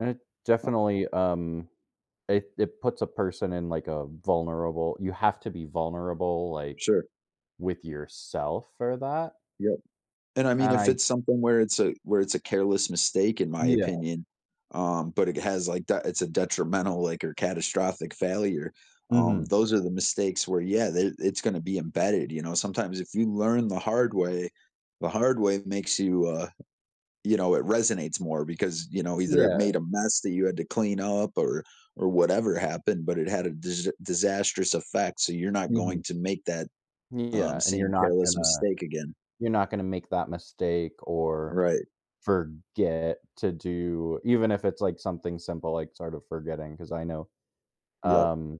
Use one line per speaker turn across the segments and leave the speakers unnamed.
It
Uh
definitely, um, it it puts a person in, like, a vulnerable you have to be vulnerable, like,
Sure.
with yourself for that
Yup, and I mean,
and
if
I
it's something where it's a where it's a careless mistake in my
Yeah.
opinion, um, but it has, like, that it's a detrimental, like, or catastrophic failure, um,
Mhm.
those are the mistakes where, yeah, they it's gonna be embedded, you know, sometimes if you learn the hard way, the hard way makes you, uh, you know, it resonates more because, you know, either it
Yeah.
made a mess that you had to clean up or or whatever happened, but it had a dis disastrous effect, so you're not
Mhm.
going to make that, um,
Yeah, and you're
same
not
careless
gonna
mistake again.
you're not gonna make that mistake or
Right.
forget to do even if it's like something simple, like sort of forgetting 'cause I know,
Yup.
um,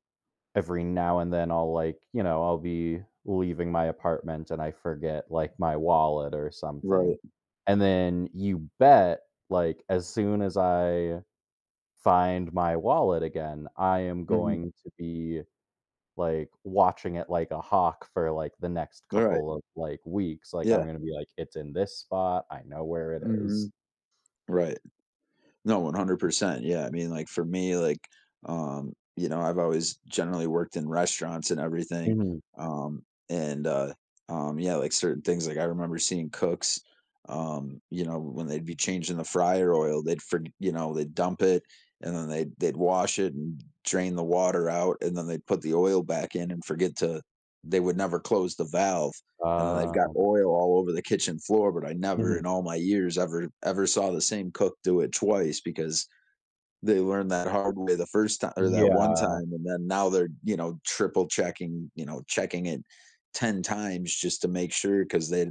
every now and then I'll like, you know, I'll be leaving my apartment and I forget, like, my wallet or something,
Right.
and then you bet, like, as soon as I find my wallet again, I am
Mhm.
going to be, like, watching it like a hawk for, like, the next
Right.
couple of, like, weeks, like, I'm
Yeah.
gonna be like, "It's in this spot. I know where it is."
Mhm, right. No, 100%, yeah, I mean, like, for me, like, um, you know, I've always generally worked in restaurants and everything,
Mhm.
um, and, uh um, yeah, like certain things, like, I remember seeing cooks, um, you know, when they'd be changing the fryer oil, they'd forg you know, they dump it and then they they'd wash it and drain the water out, and then they put the oil back in and forget to they would never close the valve, and then they've got
Ah.
oil all over the kitchen floor, but I never
Mhm.
in all my years ever ever saw the same cook do it twice because they learned that hard way the first ti or that one
Yeah.
time and then now they're, you know, triple checking, you know, checking it 10 times just to make sure 'cause they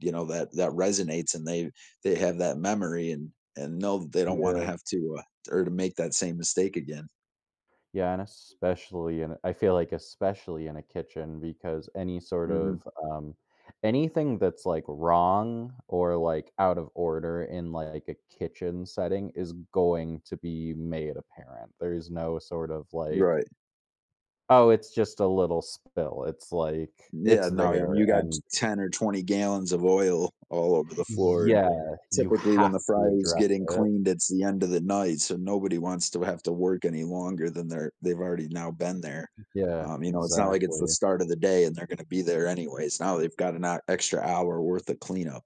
you know, that that resonates and they they have that memory and and know they don't wanna
Yeah.
have to, uh, or to make that same mistake again.
Yeah, and especially in a I feel like especially in a kitchen because any sort
Mhm.
of, um anything that's, like, wrong or, like, out of order in, like, a kitchen setting is going to be made apparent, there's no sort of, like
Right.
"Oh, it's just a little spill," it's like, it's
Yeah, no, and
there
you got t
and"
10 or 20 gallons of oil all over the floor, and
Yeah, you
typically, when
have
the
to
fryer's
address
getting
it.
cleaned, it's the end of the night, so nobody wants to have to work any longer than they're they've already now been there,
Yeah,
um, you know, it's not like it's the
exactly.
start of the day and they're gonna be there anyways, now they've got an hou extra hour worth of cleanup.